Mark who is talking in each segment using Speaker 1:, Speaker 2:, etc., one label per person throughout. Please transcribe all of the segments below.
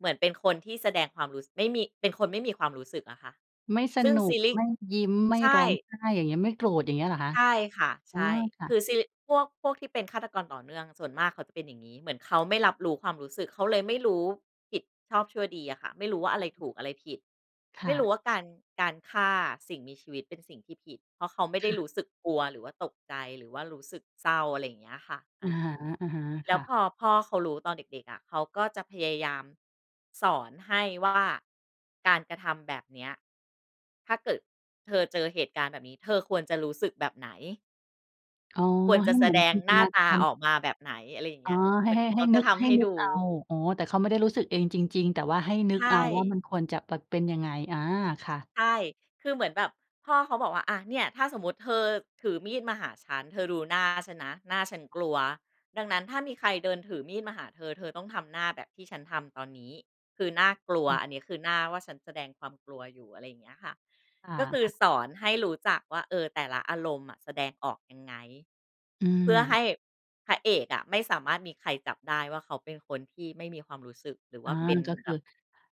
Speaker 1: เหมือนเป็นคนที่แสดงความรู้ ไม่มี เป็นคนไม่มีความรู้สึกอะค่ะ
Speaker 2: ไม่ส
Speaker 1: ซึ่ง
Speaker 2: นุ
Speaker 1: ซ
Speaker 2: ก
Speaker 1: ีลิก
Speaker 2: ไม่ยิ้ม ไม่
Speaker 1: ใช
Speaker 2: ร
Speaker 1: ่
Speaker 2: ้องไห้อย่างเงี้ย ไม่โกรธอย่างเงี้ยเหรอคะ?
Speaker 1: ใช่ค่ะ
Speaker 2: อ๋
Speaker 1: ใช
Speaker 2: อ
Speaker 1: ่
Speaker 2: ค่
Speaker 1: คื
Speaker 2: ะ
Speaker 1: อ ซิลิก พวก พวกที่เป็นฆาตกรต่อเนื่องส่วนมากเขาจะเป็นอย่างนี้ เหมือนเขาไม่รับรู้ความรู้สึก เขาเลยไม่รู้ผิดชอบชั่วดีอะค่ะ ไม่รู้ว่าอะ
Speaker 2: ล้
Speaker 1: ไ
Speaker 2: า
Speaker 1: ร
Speaker 2: งมื
Speaker 1: ถ
Speaker 2: อ
Speaker 1: ูกอะไรผิด
Speaker 2: ค
Speaker 1: ไม
Speaker 2: ่
Speaker 1: ่ร
Speaker 2: ะ
Speaker 1: ู้ว่าการ การฆ่าสิ่งมีชีวิตเป็นสิ่งที่ผิด เพราะเขาไม่
Speaker 2: ค
Speaker 1: ได้
Speaker 2: ่
Speaker 1: ร
Speaker 2: ะ
Speaker 1: ู้สึกกลัว หรือว่าตกใจ หรือว่ารู้สึกเศร้าอะไรอย่างเงี้ยค่ะ อ
Speaker 2: อะ
Speaker 1: า
Speaker 2: ฮะ
Speaker 1: แ
Speaker 2: ๆ
Speaker 1: ล
Speaker 2: ค
Speaker 1: ้
Speaker 2: ่
Speaker 1: ว
Speaker 2: ะ
Speaker 1: พอพ่อเขารู้ตอนเด็ก ๆ อะ เขาก็จะพยายามสอนให้ว่า การกระทำแบบเนี้ย ถ้าเกิดเธอเจอเหตุการณ์แบบนี้เธอควรจะรู้สึกแบบไหน
Speaker 2: อ๋อ
Speaker 1: ควร
Speaker 2: ใ
Speaker 1: จ
Speaker 2: ห
Speaker 1: ะ
Speaker 2: ้
Speaker 1: แส
Speaker 2: เหมือ
Speaker 1: ด
Speaker 2: น
Speaker 1: ง
Speaker 2: จินต
Speaker 1: หน้า
Speaker 2: นา
Speaker 1: ต
Speaker 2: ก
Speaker 1: า
Speaker 2: าร
Speaker 1: ออกมาแบบไหน อะไรอย่างเ
Speaker 2: อ
Speaker 1: ง
Speaker 2: ๋
Speaker 1: ี
Speaker 2: อ
Speaker 1: ้ย
Speaker 2: ใ
Speaker 1: เ
Speaker 2: ห
Speaker 1: ห
Speaker 2: ้
Speaker 1: มือน
Speaker 2: ให้
Speaker 1: เข
Speaker 2: ให้
Speaker 1: าจ
Speaker 2: น
Speaker 1: ะ
Speaker 2: ึก
Speaker 1: ท
Speaker 2: ให
Speaker 1: ำใ
Speaker 2: ้
Speaker 1: ห้
Speaker 2: นึ
Speaker 1: ดู
Speaker 2: กเอา อ๋อ แต่เขาไม่ได้รู้สึกเองจริง ๆ แต่ว่าให้นึ
Speaker 1: ใช
Speaker 2: กเอาว่า
Speaker 1: ่
Speaker 2: มันควรจะ ป เป็นยังไง อา ค่ะ
Speaker 1: ใช่ คือเหมือนแบบพ่อเขาบอกว่า อะ เนี่ยถ้าสมมุติเธอถือมีดมาหาฉัน เธอดูหน้าฉันนะ หน้าฉันกลัว ดังนั้นถ้ามีใครเดินถือมีดมาหาเธอ เธอต้องทำหน้าแบบที่ฉันทำตอนนี้ คือน่ากลัว
Speaker 2: ค่ะ
Speaker 1: อันเนี้ย คือ หน้าว่าฉันแสดงความกลัวอยู่ อะไรอย่างเงี้ยค่ะ
Speaker 2: ค
Speaker 1: ก็คือ
Speaker 2: ่ะ ๆ
Speaker 1: สอนให้รู้จักว่า เออ แต่ละอารมณ์อะแสดงออกยังไง
Speaker 2: อื
Speaker 1: เพื่อให
Speaker 2: ม
Speaker 1: ้พระเอกอะไม่สามารถมีใครจับได้ว่า เขาเป็นคนที่ไม่มีความรู้สึก หรือ
Speaker 2: อ
Speaker 1: ว่
Speaker 2: า
Speaker 1: าเป็น
Speaker 2: ก็ค
Speaker 1: แบ
Speaker 2: ือ
Speaker 1: บ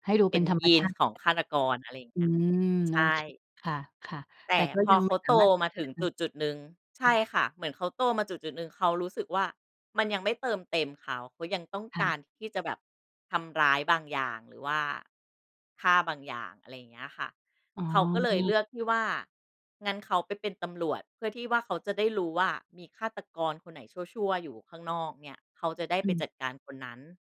Speaker 2: ให้ดู
Speaker 1: เป
Speaker 2: เป
Speaker 1: ็
Speaker 2: ็น
Speaker 1: น
Speaker 2: ธรร
Speaker 1: ย
Speaker 2: ม
Speaker 1: ี
Speaker 2: ช
Speaker 1: น
Speaker 2: าติ
Speaker 1: ของฆาตกร อะไรอย่าง
Speaker 2: อ
Speaker 1: เ
Speaker 2: ื
Speaker 1: งี้ย
Speaker 2: ม
Speaker 1: ใ
Speaker 2: โ
Speaker 1: ช
Speaker 2: อเค
Speaker 1: ่
Speaker 2: ค่ะ ค่ะ
Speaker 1: แต
Speaker 2: แต่
Speaker 1: ่
Speaker 2: ก็
Speaker 1: พอ
Speaker 2: ยัง
Speaker 1: เข
Speaker 2: ไม
Speaker 1: า
Speaker 2: ่ส
Speaker 1: โ
Speaker 2: า
Speaker 1: ต
Speaker 2: มารถ
Speaker 1: มาถึงจุด ๆ หนึ่ง ใช
Speaker 2: อื
Speaker 1: ่
Speaker 2: ม
Speaker 1: ค่ะ เหมือนเขาโตมาจุด ๆ หนึ่ง เขารู้สึกว่า มันยังไม่เติมเต็มเขา เขายังต้อง
Speaker 2: ค่
Speaker 1: ก
Speaker 2: ะ
Speaker 1: ารที่จะแบบทำร้ายบางอย่าง หรือว่าฆ่าบางอย่าง อะไรอย่างเงี้ยค่ะ
Speaker 2: อ๋อ
Speaker 1: เขาก็เลยเลือกที่ว่า งั้นเขาไปเป็นตำรวจเพื่อที่ว่า เขาจะได้รู้ว่ามีฆาตกรคนไหนชั่ว ๆ อยู่ข้างนอกเนี่ย เขาจะได้
Speaker 2: อ
Speaker 1: ไป
Speaker 2: ืม
Speaker 1: จัดการคนนั้น